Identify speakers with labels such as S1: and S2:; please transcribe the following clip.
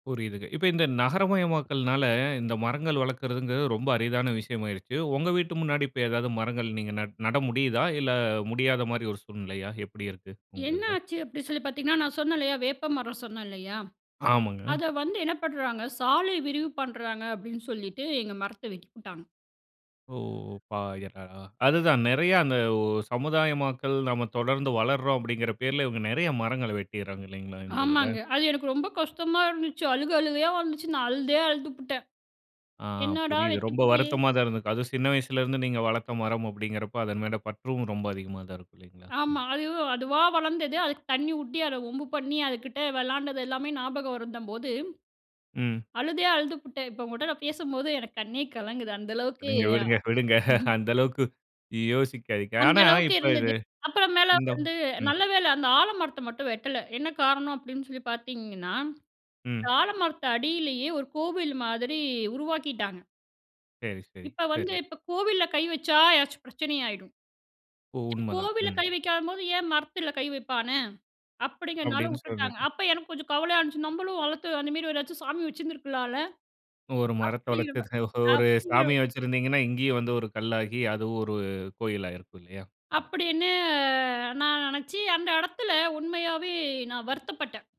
S1: புரியுதுங்க. இப்ப இந்த நகரமயமாக்கல்னால, இந்த மரங்கள் வளர்க்கிறதுங்கிறது ரொம்ப அரிதான விஷயமா ஆயிருச்சு. உங்க வீட்டு முன்னாடி இப்ப ஏதாது மரங்கள் நீங்க நட் நட முடியுதா இல்ல, முடியாத மாரி ஒரு சூழ்நிலையா, எப்படி இருக்கு உங்க
S2: என்ன
S1: இதுல?
S2: ஆச்சு, அப்டி சொல்லிப் பார்த்தீங்கனா! நான் சொன்னேன் இல்லையா, வேப்பமரம் சொன்னேல்லையா?
S1: ஆமாங்க.
S2: அத வந்து என்ன பண்றாங்க! சாலை விரிவு பண்றாங்க அப்டின்னு சொல்லிட்டு, எங்க மரத்தை வெட்டிப்புட்டாங்க.
S1: ஓ [unintelligible] அதுதான். நெறைய அந்த ஓ சமுதாயமாக்கல் நம்ம தொடர்ந்து வளருறோம் அப்படிங்கிற பேர்ல இவங்க நெறைய மரங்களை வெட்டிருறாங்க இல்லைங்களா, இந்த இதுல?
S2: ஆமாங்க. அது எனக்கு ரொம்ப கஷ்டமா இருந்துச்சு. அழுக அழுகயா வந்துச்சு. நான் அழுதே அழுதுப்புட்டேன்.
S1: ஆ
S2: என்னடா
S1: புரியுது.
S2: வெட்டி
S1: ரொம்ப
S2: புட்டியே?
S1: வருத்தமா தான் இருந்திருக்கும். அதுவும் சின்ன வயசிலேயிருந்து நீங்க வளர்த்த மரம் அப்படிங்கிறப்ப அதன் மேல பற்றும் ரொம்ப அதிகமா தான் இருக்கும், இல்லைங்களா,
S2: ஆமா.
S1: ம்.
S2: அது அதுவா வளர்ந்தது. அதுக்கு ஊட்டி, அத வம்பு பண்ணி, அதுக்கிட்ட விளையாண்டது எல்லாமே ஞாபக வரும்போது,
S1: ம்.
S2: அழுதே அழுதுப்புட்டேன். இப்ப உங்கட்ட நான் பேசும்போது, எனக்கு கண்ணே கலங்குது. அந்த அளவுக்கு
S1: விடுங்க,
S2: அ
S1: விடுங்க, விடுங்க.
S2: ம்ஹ்ம்.
S1: அந்த அளவுக்கு யோசிக்காதீங்க.
S2: அந்த
S1: ஆனா
S2: அளவுக்கு
S1: இப்ப இது
S2: இருந்தது. அப்பறம் மேல
S1: இந்த
S2: வந்து
S1: ம்.
S2: நல்லவேள அந்த ஆலமரத்தை மட்டும் வெட்டல. என்ன காரணம் அப்டினு சொல்லி பார்த்தீங்கன்னா, இந்த
S1: ம்.
S2: ஆலமரத்து அடியில்லையே ஒரு கோவில் மாதிரி உருவாக்கிட்டாங்க.
S1: சேரி, சேரி,
S2: இப்ப வந்து
S1: சேரி.
S2: இப்ப கோவில்ல கை வச்சா எதாச்சும் பிரச்சனை ஆயிடும்.
S1: ஓ! உண்மதான்.
S2: கோவில்ல
S1: ம்.
S2: கை வைக்காதம்போது ஏன் மரத்தில கை வைப்பான? அப்படிங்கிறதுனால
S1: அப்படின்னு
S2: விட்டுட்டாங்க.
S1: சொல்லிட்டு,
S2: அப்ப எனக்கு கொஞ்சம் கவலையா இருந்துச்சு. நம்மளும் வளர்த்து அதுமாரி ஏதாச்சும் சாமி வச்சுருந்துருக்கலாம்ல.
S1: ஒரு மரத்தை
S2: அப்படிங்கிறமா
S1: வளர்த்து, ஒரு
S2: அப்படிங்கிற
S1: சாமிய வச்சிருந்தீங்கனா, இங்கயும் வந்து ஒரு கல்லாகி, அதுவும் ஒரு கோயிலா ஆயிருக்கும் இல்லையா?
S2: அப்படின்னு அ நான் நெனைச்சு, அந்த இடத்துல உண்மையாவே நான் வருத்தப்பட்டேன்.